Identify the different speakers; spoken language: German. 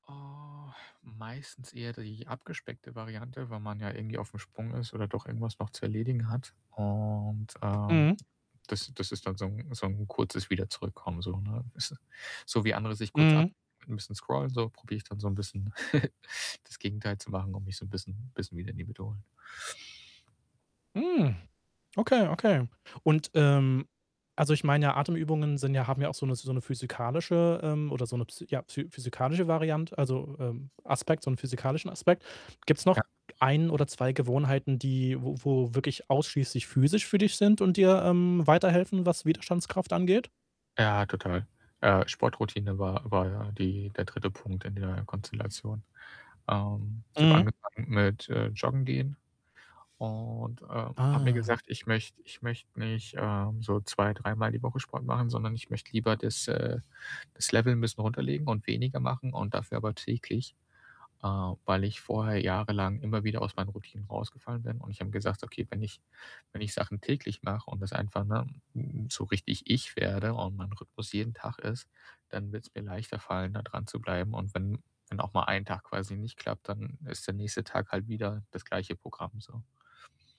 Speaker 1: Ah, meistens eher die abgespeckte Variante, weil man ja irgendwie aufm Sprung ist oder doch irgendwas noch zu erledigen hat. Und, ähm,
Speaker 2: Mhm.
Speaker 1: das das ist dann so 'n so 'n kurzes Wiederzurückkommen, so, ne? Ist so wie andere sich kurz ab
Speaker 2: Mhm.
Speaker 1: 'n bisschen scrollen so, probiere ich dann so 'n bisschen das Gegenteil zu machen und mich so 'n bisschen bisschen wieder in die Mitte holen.
Speaker 2: Mhm. Okay, okay und, ähm also, ich meine ja, Atemübungen sind ja haben ja auch so 'ne so 'ne physikalische, ähm oder so 'ne, psy ja, phy physikalische Variante also, ähm, Aspekt so 'n physikalischen Aspekt. Gibt's
Speaker 1: Ja.
Speaker 2: noch 1 oder 2 Gewohnheiten, die wo wo wirklich ausschließlich physisch für dich sind und dir, ähm, weiterhelfen, was Widerstandskraft angeht?
Speaker 1: Ja, total, äh, Sportroutine war war ja die der 3. Punkt in der Konstellation. Ähm, ich habe
Speaker 2: Mhm.
Speaker 1: angefangen mit, äh, Joggen gehen und, äh, habe mir
Speaker 2: Ah.
Speaker 1: gesagt, ich möchte ich möchte nicht, äh, so zwei dreimal die Woche Sport machen, sondern ich möchte lieber das, äh das Level 'n bisschen runterlegen und weniger machen und dafür aber täglich, äh, weil ich vorher jahrelang immer wieder aus meinen Routinen rausgefallen bin und ich habe gesagt: „Okay, wenn ich wenn ich Sachen täglich mache und das einfach ne, hm, so richtig ich werde und mein Rhythmus jeden Tag ist, dann wird's mir leichter fallen, da dranzubleiben und wenn wenn auch mal 1 Tag quasi nicht klappt, dann, äh, ist der nächste Tag halt wieder das gleiche Programm so.“